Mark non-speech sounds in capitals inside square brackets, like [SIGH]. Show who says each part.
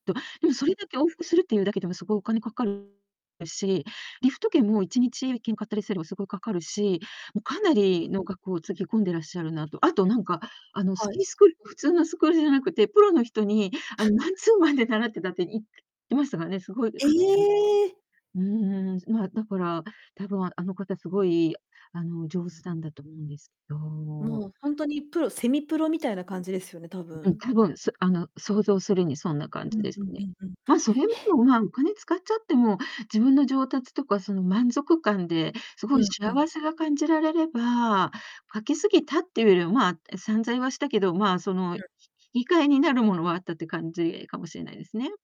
Speaker 1: と、でもそれだけ往復するっていうだけでも凄いお金かかるし、リフト券も1日券買ったりすれば凄いかかるし、もうかなりの額をつぎ込んでらっしゃるなと。あと何か、あ
Speaker 2: [UNINTELLIGIBLE]
Speaker 1: のス
Speaker 2: は
Speaker 1: キ
Speaker 2: い。
Speaker 1: ースクール普通のスクールじゃなくて、プロの人にあのマンツーマンで習ってたって言ってましたからね、凄い
Speaker 2: え
Speaker 1: かって
Speaker 2: え。
Speaker 1: うーん、ま、だから、多分あの方凄い、あの、上
Speaker 2: うん。
Speaker 1: 手なんだと思うんですけど。
Speaker 2: もうほんとにプロセミプロみたいな感じですよね、多
Speaker 1: うん。
Speaker 2: 分。
Speaker 1: 多分、そ、あの想像するにそんな感
Speaker 2: う
Speaker 1: じ
Speaker 2: ん
Speaker 1: です
Speaker 2: うんう
Speaker 1: ね。
Speaker 2: んうん。へ。
Speaker 1: ま、それでも、ま、お金使っちゃっても、自分の上達とかその満足感で、すご
Speaker 2: う
Speaker 1: い
Speaker 2: ん、うん。
Speaker 1: 幸せが感じられれば、かけすぎたっていうよりは、ま、散財はしたけど、ま、その
Speaker 2: う
Speaker 1: ひ
Speaker 2: ん。
Speaker 1: 引き換えになるものはあったって感じかもしれないですね。